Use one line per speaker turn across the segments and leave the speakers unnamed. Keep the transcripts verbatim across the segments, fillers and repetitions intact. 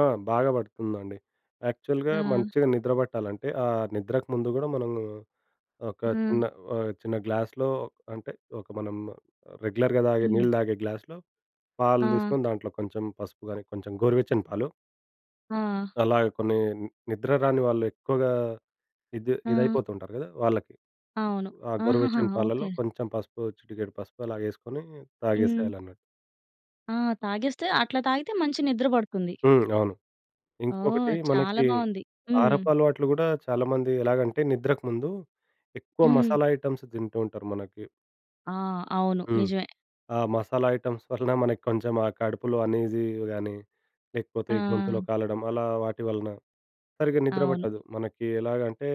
ఆ! బాగా పడుతుందండి. యాక్చువల్‌గా
ఆ!
మంచిగా నిద్ర పట్టాలంటే, ఆహ్, నిద్రకు ముందు కూడా మనము ఒక
ఆ!
చిన్న ఆహ్, చిన్న గ్లాస్‌లో అంటే, ఒక మనం రెగ్యులర్‌గా తాగే
హ్మ్.
నీళ్ళు తాగే గ్లాస్‌లో, పాలు
ఆ!
తీసుకొని దాంట్లో కొంచెం పసుపు కాని, కొంచెం గోరువెచ్చని పాలు.
ఆ!
అలాగా కొన్ని ని నిద్ర రాని వాళ్ళు ఎక్కువగా ఇది
ఆ!
ఇదైపోతుంటారు కదా వాళ్ళకి.
అవును.
ఆ!
ఆహహా!
గొరువెచ్చని పాలల్లో
ఓకే.
కొంచెం పసుపు, చిటికెడు పసుపు, అలాగేసుకొని
హ్మ్.
తాగేసేయాలన్నట్టు.
ఆ! తాగేస్తే అట్లా తాగితే మంచి నిద్ర పడుతుంది.
హ్మ్. అవును.
ఓహ్!
ఇంకొకటి,
చాలా
మనకి
బావుంది. హ్మ్.
కారపలవాట్లు కూడా చాలామంది ఎలాగంటే నిద్రకు ముందు, ఎక్కువ
హ్మ్.
మసాలా ఐటెమ్స్ తింటూ ఉంటారు మనకి.
ఆ! అవును.
హ్మ్.
నిజమే.
ఆ మసాలా ఐటెమ్స్ వలన మనకి కొంచెం ఆ కడుపులో అనీజీ గాని, లేకపోతే ఈ గొంతులో
ఆ!
కాలడం అలా, వాటి వలన సరిగ్గా నిద్ర
అవును.
పట్టదు. మనకి ఎలాగంటే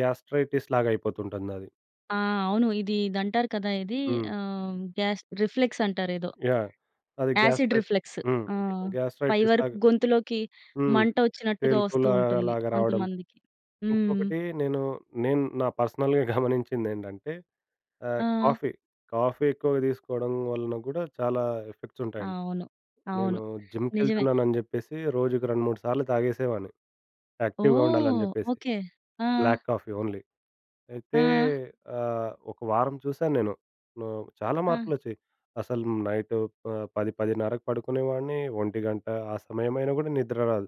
గ్యాస్ట్రైటిస్ లాగయిపోతుంటందది.
ఆ! అవును. ఇది ఇదంటారు కదా! ఇది
హ్మ్.
ఆహ్, గ్యాస్ రిఫ్లెక్స్ అంటారేదో.
యాహ్! అది
యాసిడ్
గ్యాస్ట్రైటిస్
రిఫ్లెక్స్.
హ్మ్.
ఆ!
గ్యా
పై
గ్యాస్ట్రైటిస్
వరకు
లాగా
గొంతులోకి
హ్మ్.
మంట వచ్చినట్టుగా వస్తూ
తేల్పులా
ఉంటుంది.
లాగా రావడం.
కొంతమందికి. హ్మ్.
ఇంకొకటి నేను, నేను నా పర్సనల్‌గా గమనించిందేందంటే, ఆహ్,
ఆ!
కాఫీ, కాఫీ ఎక్కువగా తీసుకోవడం వలన కూడా చాలా ఎఫెక్ట్స్ ఉంటాయండి.
అవును.
నేను
అవును. నిజమే.
జిమ్‌కెళ్తున్నానని చెప్పేసి రోజుకు రెండు, మూడు సార్లు తాగేసేవాడిని. యాక్టివ్‌గా ఉండాలని
ఓహ్!
చెప్పేసి.
ఓకే. ఆ!
Black coffee only. అయితే
ఆ!
ఆహ్ ఒక వారం చూశానేను. నా చాలా
ఆ!
మార్పులోచ్చాయి. అసలు నైటు ప పది పదిన్నరకు పడుకునేవాడిని, ఒంటిగంట ఆ సమయమైనా కూడా నిద్ర రాదు.